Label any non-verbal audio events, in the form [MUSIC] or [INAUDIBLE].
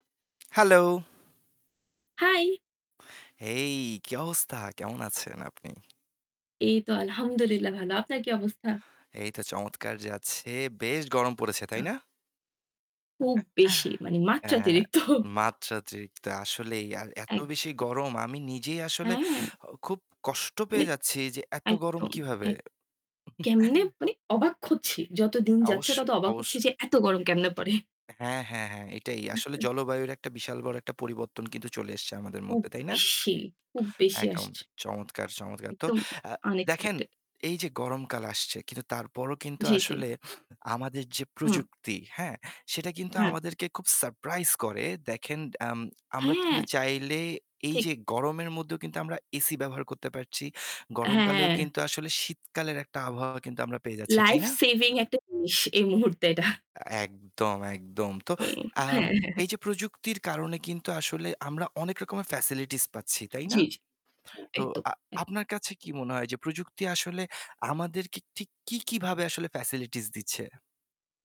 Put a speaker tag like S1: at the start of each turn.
S1: Hello!
S2: High!
S1: হেই! কি অবস্থা? কেমন আছেন আপনি?
S2: এই তো আলহামদুলিল্লাহ ভালো। আপনার কি অবস্থা?
S1: এই তো চমৎকার যাচ্ছে। বেশ গরম পড়েছে,
S2: আচ্ছা।
S1: তাই না?
S2: খুব
S1: [CHUCKLES]
S2: বেশি। মানে [SCOFFS]
S1: হ্যাঁ।
S2: মাত্রাতিরিক্ত!
S1: মাত্রাতিরিক্ত! আসলেই আর এত বেশি
S2: একদম।
S1: গরম! আমি নিজেই আসলে
S2: হ্যাঁ।
S1: অ খুব কষ্ট
S2: মানে
S1: পেয়ে যাচ্ছি এইযে এত গরম
S2: একদম,
S1: কীভাবে?
S2: এক কেমনে
S1: [CHUCKLES]
S2: মানে অবাক হচ্ছি। যত দিন যাচ্ছে,
S1: আবশ্যই,
S2: তত অবাক হচ্ছি
S1: অবশ্যই।
S2: যে এত গরম কেমনে [SCOFFS] পড়ে?
S1: হ্যাঁ, হ্যাঁ, হ্যাঁ। এটাই। আসলে
S2: [SCOFFS]
S1: জলবায়ুর একটা বিশাল বড় একটা পরিবর্তন কিন্তু চলে এসছে আমাদের
S2: খুব
S1: মধ্যে, তাই না?
S2: বেশি খুব বেশি
S1: একদম।
S2: আসছে।
S1: চমৎকার, চমৎকার! তো
S2: একদম
S1: আ দেখেন
S2: আনএক্সপেক্টেড।
S1: এইযে গরমকাল আসছে, কিন্তু তারপরও কিন্তু
S2: জি, জি।
S1: আসলে আমাদের যে
S2: হুম।
S1: প্রযুক্তি, হ্যাঁ? সেটা কিন্তু
S2: হ্যাঁ।
S1: আমাদেরকে খুব সারপ্রাইজ করে। দেখেন আম আমরা চিন্তু
S2: হ্যাঁ।
S1: চাইলে
S2: ঠিক।
S1: এইযে গরমের মধ্যেও কিন্তু আমরা এসি ব্যবহার করতে পারছি।
S2: হ্যাঁ, হ্যাঁ,
S1: গরমকালেও কিন্তু
S2: হ্যাঁ।
S1: আসলে শীতকালের একটা আবহাওয়া কিন্তু আমরা পেয়ে যাচ্ছি, তাই
S2: লাইফ
S1: না?
S2: সেভিং একটা জিনিস এই মুহূর্তে [SCOFFS] এটা।
S1: একদম, একদম। তো
S2: [UNINTELLIGIBLE]
S1: আম
S2: হ্যাঁ, হ্যাঁ।
S1: এইযে প্রযুক্তির কারণে কিন্তু আসলে আমরা অনেক রকমের ফ্যাসিলিটিস পাচ্ছি, তাই না?
S2: জি, জি। হ্যাঁ
S1: তো
S2: একদম,
S1: আ
S2: এক
S1: আপনার কাছে কি মনে হয় যে প্রযুক্তি আসলে আমাদেরকে ঠিক কী, কী ভাবে আসলে ফ্যাসিলিটিস দিচ্ছে?